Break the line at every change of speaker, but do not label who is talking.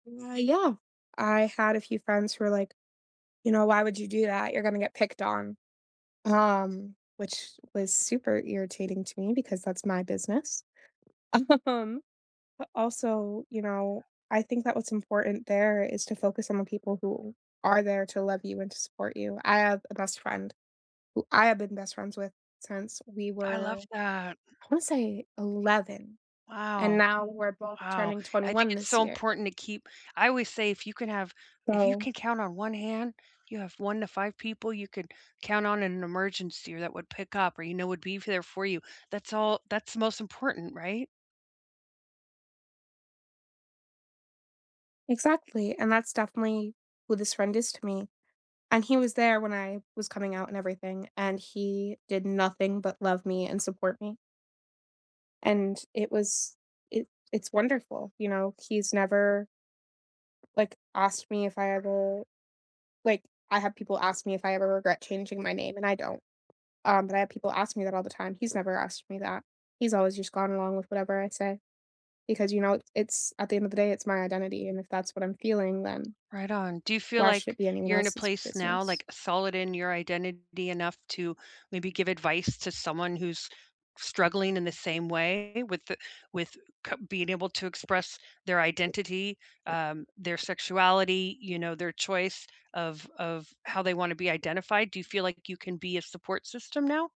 Uh, yeah. I had a few friends who were like, "You know, why would you do that? You're gonna get picked on." Um, which was super irritating to me because that's my business. Um, but also, you know, I think that what's important there is to focus on the people who are there to love you and to support you; I have a best friend who I have been best friends with since we
I love
were,
that.
I wanna say 11, and
Wow.
now we're both
Wow,
turning
I think
21
it's
this
so
year.
important to keep I always say, if you can have if you
So
can count on one hand, you have 1 to 5 people you can count on in an emergency or that would pick up or you know would be there for you, that's all that's the most important, right?
Exactly, and that's definitely who this friend is to me, and he was there when I was coming out and everything, and he did nothing but love me and support me. And it was it it's wonderful, you know? He's never, like, asked me if I ever like, I have people ask me if I ever regret changing my name, and I don't. Um, but I have people ask me that all the time, he's never asked me that; he's always just gone along with whatever I say because, you know, it's at the end of the day, it's my identity, and if that's what I'm feeling, then
Right on. Do you feel
why should
like
it be anyone
you're in a
else's
place now,
business?
like, solid in your identity enough to maybe give advice to someone who's struggling in the same way with the with c being able to express their identity, um, their sexuality, you know, their choice of of how they wanna be identified? Do you feel like you can be a support system now?